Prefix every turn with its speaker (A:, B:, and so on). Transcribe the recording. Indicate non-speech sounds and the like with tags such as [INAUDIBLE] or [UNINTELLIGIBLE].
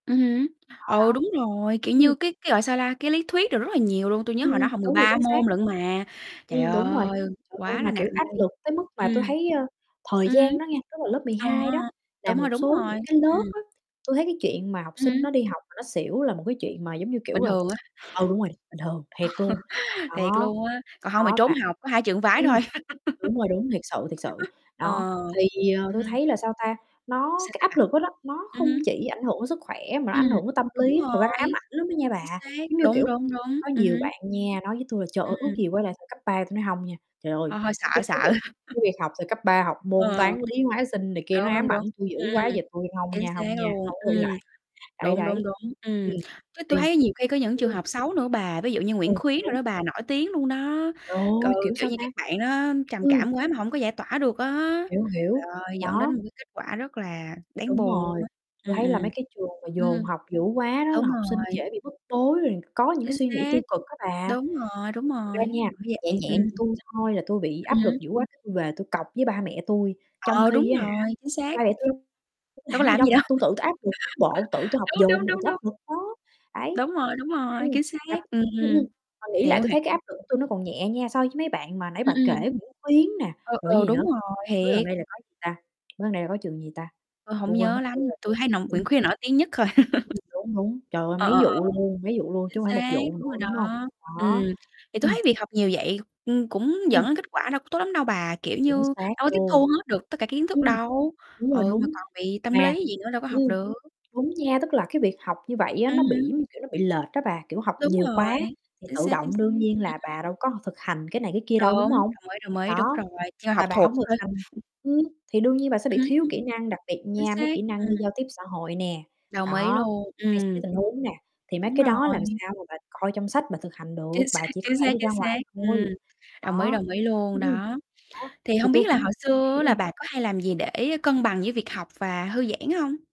A: Ừm hứm,
B: Đó,
A: ừ,
B: đó.
A: đúng rồi, kiểu
B: Ừm.
A: như, cái cái gọi sao la, cái lý thuyết được rất là nhiều luôn, tui nhớ
B: Ừm,
A: hồi đó
B: ừm,
A: học mười
B: đúng rồi,
A: ba
B: chính xác.
A: môn lận mà, trời
B: Ừm, đúng rồi.
A: ơi,
B: Trời ơi,
A: quá là
B: mà,
A: nặng
B: kiểu, áp
A: đi.
B: lực tới mức mà tôi
A: Ừm,
B: thấy, ơ, thời
A: ừm hứm.
B: gian đó nha, tức là lớp mười
A: Ờ,
B: hai đó là
A: đúng rồi,
B: một
A: đúng
B: số
A: rồi,
B: những cái
A: ừm.
B: lớp á, tui thấy cái chuyện mà học
A: Ừm
B: sinh nó
A: hứm.
B: đi học mà nó xỉu là một cái chuyện mà, giống như
A: Bình
B: kiểu, à
A: thường á.
B: ừ, đúng rồi, bình thường, thiệt luôn.
A: [LAUGHS] Thiệt
B: Đó,
A: luôn á, còn hông thì
B: đó
A: trốn
B: và
A: học, có hai trường phái
B: ừm,
A: thôi.
B: đúng
A: [LAUGHS]
B: rồi, đúng, thiệt sự, thiệt sự. Đó,
A: Ờ,
B: thì, ờ,
A: ừm hứm.
B: tôi
A: Ừm.
B: thấy là, sao ta, nó
A: Sao,
B: cái
A: sao
B: áp
A: bạn?
B: lực đó đó, nó
A: Ừm
B: không
A: hứm.
B: chỉ ảnh hưởng sức khỏe mà nó
A: Ừm,
B: ảnh hưởng đến tâm
A: đúng
B: lý. Thực ra nó ám
A: rồi,
B: ảnh lắm đó nha
A: chính
B: bà,
A: xác,
B: giống như
A: đúng,
B: kiểu,
A: đúng, đúng,
B: có
A: ừm
B: nhiều
A: hứm.
B: bạn nha nói với tui là "Trời ơi, ước
A: Ừm.
B: gì quay lại thời cấp 3", tôi nói "Hông nha", trời ơi,
A: Hơi hơi sợ
B: cái cái
A: sợ.
B: việc
A: [CHUCKLES]
B: cái việc học từ cấp 3 học môn
A: Ừ.
B: toán, lý, hóa, sinh này kia nó
A: Đúng, đúng,
B: ám
A: đúng.
B: ảnh tui dữ
A: Ừm,
B: quá giờ tui hông
A: chính
B: nha,
A: xác
B: hông nha,
A: luôn,
B: hông có quay
A: ừm,
B: lại. Đấy,
A: đúng, đúng,
B: đấy,
A: đúng.
B: ừm,
A: Ừm, chứ tui
B: thì
A: thấy nhiều khi có những trường
B: ừm.
A: hợp xấu nữa bà, ví dụ như
B: Ừ,
A: Nguyễn Khuyến đồ
B: đúng.
A: đó bà, nổi tiếng luôn đó,
B: Trời
A: ừ,
B: ơi, kiểu,
A: kiểu
B: sao
A: như,
B: ta?
A: các bạn đó trầm
B: Ừm.
A: cảm quá mà hổng có giải tỏa được á.
B: Hiểu,
A: Trời
B: hiểu,
A: ơi, dẫn đến
B: đó.
A: một cái kết quả rất là đáng
B: Đúng
A: buồn luôn
B: rồi,
A: á,
B: tui
A: ừm,
B: thấy
A: ừm.
B: là mấy cái trường mà dồn
A: Ừm,
B: học dữ quá đó là
A: đúng
B: học sinh
A: rồi.
B: dễ bị bức bối, rồi có những cái
A: Chính
B: suy nghĩ
A: xác,
B: tiêu cực á bà.
A: đúng rồi, đúng
B: Thật ra
A: rồi,
B: nha,
A: bởi
B: nhẹ
A: vậy, ừm.
B: nhẹ như tui thôi là tui bị
A: Ừm
B: áp lực
A: hứm.
B: dữ quá tui về tui cọc với ba mẹ tui, trong
A: Ờ, đúng
B: khi á hả,
A: rồi, chính xác.
B: ba mẹ tui đâu
A: Đâu
B: làm
A: có
B: cái gì
A: làm cái
B: đâu
A: gì
B: thì
A: đâu.
B: tui tự tui áp lực bộ, tự
A: [LAUGHS]
B: tôi học
A: Đúng, đúng,
B: dồn mà
A: đúng,
B: tui áp
A: đúng.
B: lực đó, đấy.
A: Đúng rồi, đúng rồi,
B: Ừm,
A: chính xác,
B: mà
A: ừm,
B: ừm, ừm, mà nghĩ lại
A: hiểu,
B: tui
A: h
B: thấy cái áp lực của tôi nó còn nhẹ nha, so với mấy bạn mà nãy
A: Ừm,
B: bà kể
A: ừm.
B: Nguyễn Khuyến nè,
A: Ừ,
B: rồi cái
A: ừ,
B: gì nữa,
A: đúng rồi,
B: mới gần
A: thiệt.
B: đây là có gì ta? Mới gần đây là có trường gì ta?
A: Tôi hổng
B: Tui quên mất
A: nhớ
B: tiêu
A: lắm, mà
B: rồi
A: tui thấy [UNINTELLIGIBLE] Nguyễn
B: ừm.
A: Khuyến nổi tiếng nhất thôi.
B: Ừm, đúng, đúng.
A: [LAUGHS]
B: Trời ơi,
A: Ờ, ờ,
B: mấy
A: ờ.
B: vụ luôn, mấy vụ luôn
A: Chính
B: chứ hông phải một
A: xác,
B: vụ
A: đúng
B: nữa,
A: rồi đó,
B: đúng hông?
A: ừm,
B: Đó.
A: thì tôi
B: Ừm.
A: thấy việc học nhiều vậy, ừm, cũng dẫn
B: Ừm.
A: đến kết quả đâu có tốt lắm đâu bà, kiểu như,
B: Chính xác
A: đâu có tiếp
B: luôn.
A: thu hết được tất cả kiến thức
B: Ừm,
A: đâu
B: đúng rồi,
A: ừ, mà
B: đúng.
A: còn bị tâm
B: Mà
A: lý gì nữa đâu có học
B: ừm,
A: được.
B: đúng nha, tức là cái việc học như vậy á
A: Ừm
B: nó bị,
A: hứm.
B: giống như kiểu, nó bị lệch á bà, kiểu, học
A: Đúng
B: nhiều
A: rồi,
B: quá thì
A: chính
B: tự
A: xác, chính
B: động
A: xác, ừm,
B: đương nhiên là bà
A: ừm.
B: đâu có thực hành cái này cái kia
A: Đúng,
B: đâu, đúng hông?
A: đồng ý, đồng ý, đúng
B: Đó,
A: rồi, chưa học
B: mà bà
A: thuộc
B: hông thực
A: thôi.
B: hành ừm, thì đương nhiên bà sẽ bị
A: Ừm,
B: thiếu
A: ừm.
B: kỹ năng, đặc biệt
A: Chính
B: nha, mấy
A: xác,
B: kỹ năng
A: ừm.
B: như giao tiếp xã hội nè,
A: Đồng ý
B: đó,
A: luôn,
B: hay xử lý
A: ừm.
B: tình huống nè, thì mấy
A: Đúng
B: cái đó làm
A: rồi.
B: sao mà bà coi trong sách bà thực hành được,
A: Chính xác,
B: bà chỉ có
A: chính
B: thể
A: xác,
B: đi
A: chính
B: ra
A: xác,
B: ngoài
A: ừm,
B: thôi,
A: đồng ý,
B: đó.
A: đồng ý luôn,
B: Ừm, ừm.
A: đó.
B: Đó,
A: Thì
B: thì
A: hông
B: tôi
A: biết là
B: cũng
A: hồi xưa
B: ừm,
A: á là
B: ừm.
A: bà có hay làm gì để cân bằng với việc học và thư giãn hông?